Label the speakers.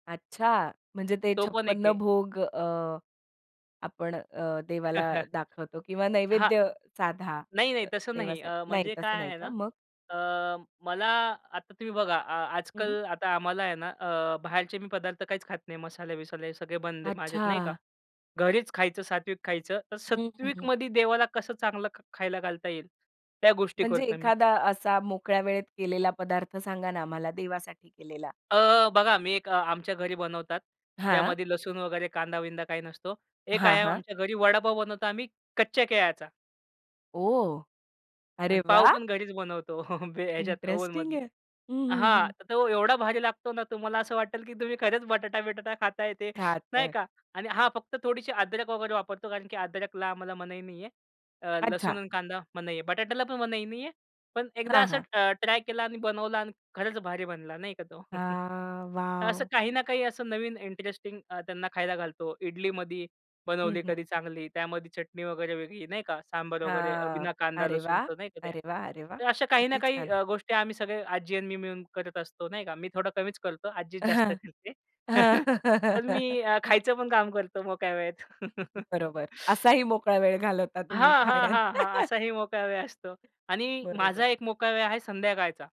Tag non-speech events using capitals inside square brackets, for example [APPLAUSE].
Speaker 1: अच्छा, म्हणजे ते
Speaker 2: तो पण एक
Speaker 1: छपन्न
Speaker 2: आहे.
Speaker 1: भोग अ, आपण अ, देवाला
Speaker 2: [CHUCKLES]
Speaker 1: दाखवतो किंवा
Speaker 2: हां.
Speaker 1: नैवेद्य साधा
Speaker 2: नाही नाही, तसं नाही.
Speaker 1: देवासाठी,
Speaker 2: अ,
Speaker 1: नाही.
Speaker 2: म्हणजे
Speaker 1: तसं
Speaker 2: काय
Speaker 1: नाही
Speaker 2: आहे ना,
Speaker 1: का मग?
Speaker 2: अ, मला आता तुम्ही बघा, आ
Speaker 1: हं.
Speaker 2: आजकल आता आम्हाला आहे ना, अ, बाहेरचे मी पदार्थ काहीच खात नाही. मसाले-वसाले सगळे बंद आहे. माझ्यात नाही का.
Speaker 1: अच्छा.
Speaker 2: घरीच खायचं, सात्विक खायचं. तर
Speaker 1: हं, हं, हं.
Speaker 2: सात्विकमधे देवाला कसं चांगलं ख खायला घालता येईल, त्या गोष्टी
Speaker 1: म्हणजे
Speaker 2: करतो मी.
Speaker 1: एखादा असा मोकळ्या वेळेत केलेला पदार्थ सांगा ना मला, देवासाठी केलेला.
Speaker 2: अ, बघा मी एक अ, आमच्या घरी बनवतात.
Speaker 1: हां.
Speaker 2: ज्यामध्ये लसूण वगैरे, कांदा-बिंदा काही नसतो. एक
Speaker 1: हां,
Speaker 2: आहे
Speaker 1: हां.
Speaker 2: आमच्या घरी वडापाव बनवतो आम्ही, कच्च्या केळ्याचा.
Speaker 1: ओह!
Speaker 2: आणि
Speaker 1: अरे
Speaker 2: पाव
Speaker 1: वाह!
Speaker 2: पण घरीच बनवतो [CHUCKLES] ह्याच्यात
Speaker 1: इंटरेस्टिंग
Speaker 2: ओव्हनमध्ये.
Speaker 1: आहे. हं, हं,
Speaker 2: हां,
Speaker 1: हं.
Speaker 2: तो एवढा भारी लागतो ना. तुम्हाला असं वाटेल की तुम्ही खरंच बटाटा-बिटाटा खाताय ते नाही
Speaker 1: खातोय.
Speaker 2: का. आणि हां, फक्त थोडीशी अद्रक वगैरे वापरतो. कारण की अद्रकला आम्हाला मनाई नाहीये. अ, लसूण
Speaker 1: अच्छा.
Speaker 2: आणि कांदा मनाई आहे. बटाट्याला पण मनाई नाहीये. पण एकदा
Speaker 1: हां,
Speaker 2: असं
Speaker 1: हां.
Speaker 2: अ, ट्राय केला आणि बनवला आणि खरंच भारी बनला नाही का तो. [CHUCKLES]
Speaker 1: हां.
Speaker 2: तर असं
Speaker 1: वॉव!
Speaker 2: काही ना काही असं नवीन इंटरेस्टिंग अ, त्यांना खायला घालतो. इडलीमधी
Speaker 1: हं,
Speaker 2: बनवली,
Speaker 1: हं.
Speaker 2: कधी चांगली त्यामध्ये चटणी वगैरे, वेगळी नाही का, सांभर वगैरे
Speaker 1: हां,
Speaker 2: बिना कांदा
Speaker 1: अरे वाह!
Speaker 2: लसूणचं नाही का ते,
Speaker 1: अरे वाह! अरे वाह!
Speaker 2: तर अशा काही ना
Speaker 1: किती
Speaker 2: काही
Speaker 1: छान.
Speaker 2: अ, गोष्टी आम्ही सगळे आजी आणि मी मिळून करत असतो नाही का. मी थोडा कमीच करतो. आज्जीच जास्त करते [CHUCKLES] पण मी अ,
Speaker 1: [LAUGHS]
Speaker 2: खायचं पण काम करतो मोकळ्या वेळेत. [CHUCKLES]
Speaker 1: बरोबर. असाही मोकळा वेळ घालवता तुम्ही
Speaker 2: हां, हां,
Speaker 1: खाण्यात.
Speaker 2: हां, हां.
Speaker 1: [CHUCKLES]
Speaker 2: असाही मोकळा वेळ असतो आणि
Speaker 1: बरोबर.
Speaker 2: माझा एक मोकळा वेळ आहे संध्याकाळचा.